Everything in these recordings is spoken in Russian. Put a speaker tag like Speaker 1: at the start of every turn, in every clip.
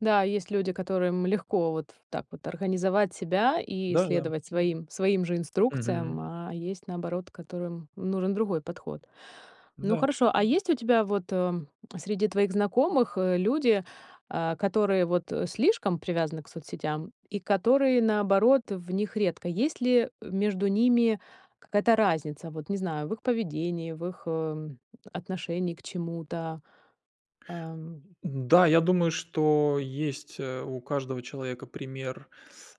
Speaker 1: Да, есть люди, которым легко вот так вот организовать себя и
Speaker 2: Да-да.
Speaker 1: следовать своим своим же
Speaker 2: Мгм.
Speaker 1: инструкциям, а есть, наоборот, которым нужен другой подход. Ну,
Speaker 2: Да.
Speaker 1: хорошо, а есть у тебя вот, э, среди твоих знакомых, э, люди, а, которые вот, э, слишком привязаны к соцсетям и которые, наоборот, в них редко? Есть ли, э, между ними какая-то разница, вот, не знаю, в их поведении, в их, эм, отношении к чему-то? Ам.
Speaker 2: Н-да, я думаю, что есть, э, у каждого человека пример,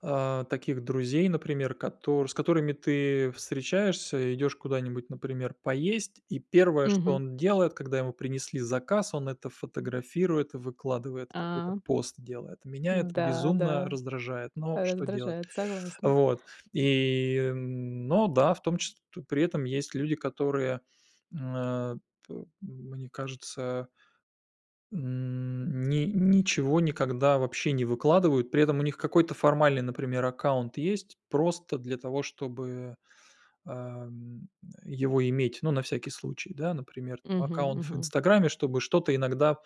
Speaker 2: а, таких друзей, например, котор с которыми ты встречаешься, идёшь куда-нибудь, например, поесть. И 1, что
Speaker 1: Мгм.
Speaker 2: он делает, когда ему принесли заказ, он это фотографирует и выкладывает, какой-то
Speaker 1: А.
Speaker 2: пост делает. Меня это
Speaker 1: М-да,
Speaker 2: безумно
Speaker 1: да,
Speaker 2: раздражает, но что делать?
Speaker 1: раздражает, согласна.
Speaker 2: Вот. И, м, но да, в том чис то при этом есть люди, которые, м, а, п мне кажется. М, ни ничего никогда вообще не выкладывают. При этом у них какой-то формальный, например, аккаунт есть просто для того, чтобы, а, м, его иметь, ну, на всякий случай, да, например, там
Speaker 1: Мгм,
Speaker 2: аккаунт в
Speaker 1: мгм.
Speaker 2: "Инстаграме", чтобы что-то иногда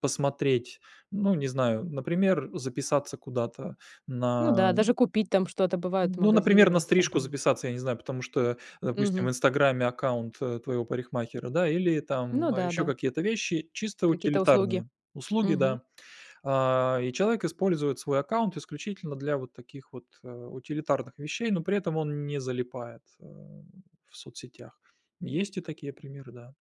Speaker 2: посмотреть. Ну, не знаю, например, записаться куда-то на
Speaker 1: Ну да, даже
Speaker 2: м
Speaker 1: купить там что-то, бывает,
Speaker 2: ну, например,
Speaker 1: магазины в
Speaker 2: на стрижку
Speaker 1: "Инстаграм".
Speaker 2: записаться, я не знаю, потому что, допустим, в
Speaker 1: Мгм.
Speaker 2: "Инстаграме" аккаунт, э, твоего парикмахера, да, или там
Speaker 1: Ну
Speaker 2: ещё
Speaker 1: да-да.
Speaker 2: какие-то вещи, чисто
Speaker 1: Какие-то услуги.
Speaker 2: утилитарные услуги,
Speaker 1: Мгм.
Speaker 2: да. А, и человек использует свой аккаунт исключительно для вот таких вот, э, утилитарных вещей, но при этом он не залипает, а, в соцсетях. Есть и такие примеры, да.